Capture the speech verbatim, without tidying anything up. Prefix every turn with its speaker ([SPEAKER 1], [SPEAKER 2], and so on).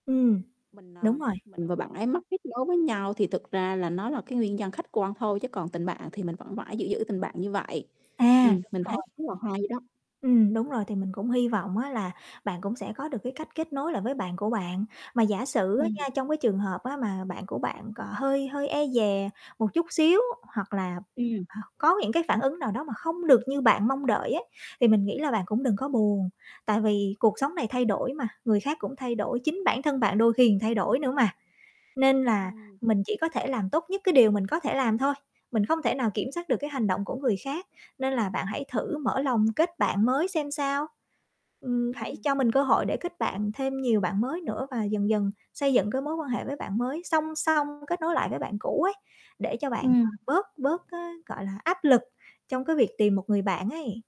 [SPEAKER 1] Ừm,
[SPEAKER 2] Mình, ờ,
[SPEAKER 1] đúng rồi.
[SPEAKER 2] mình và bạn ấy mất kết nối với nhau thì thực ra là nó là cái nguyên nhân khách quan thôi, chứ còn tình bạn thì mình vẫn vãi giữ giữ tình bạn như vậy.
[SPEAKER 1] À,
[SPEAKER 2] Ừm,
[SPEAKER 1] đúng
[SPEAKER 2] mình thấy
[SPEAKER 1] rồi.
[SPEAKER 2] rất là hay đó.
[SPEAKER 1] Ừm, đúng rồi, thì mình cũng hi vọng á, là bạn cũng sẽ có được cái cách kết nối lại với bạn của bạn. Mà giả sử á
[SPEAKER 2] Ừm.
[SPEAKER 1] nha, trong cái trường hợp á mà bạn của bạn còn hơi hơi e dè một chút xíu hoặc là
[SPEAKER 2] Ừm.
[SPEAKER 1] h có những cái phản ứng nào đó mà không được như bạn mong đợi á, thì mình nghĩ là bạn cũng đừng có buồn. Tại vì cuộc sống này thay đổi mà, người khác cũng thay đổi, chính bản thân bạn đôi khi ừn thay đổi nữa mà, nên là
[SPEAKER 2] Ừm.
[SPEAKER 1] mình chỉ có thể làm tốt nhất cái điều mình có thể làm thôi, mình không thể nào kiểm soát được cái hành động của người khác, nên là bạn hãy thử mở lòng kết bạn mới xem sao. Ừm, hãy
[SPEAKER 2] Ừm.
[SPEAKER 1] cho mình cơ hội để kết bạn thêm nhiều bạn mới nữa và dần dần xây dựng cái mối quan hệ với bạn mới, song song kết nối lại với bạn cũ ấy, để cho bạn, ờ,
[SPEAKER 2] Ừm.
[SPEAKER 1] bớt bớt cái, gọi là, áp lực trong cái việc tìm một người bạn ấy.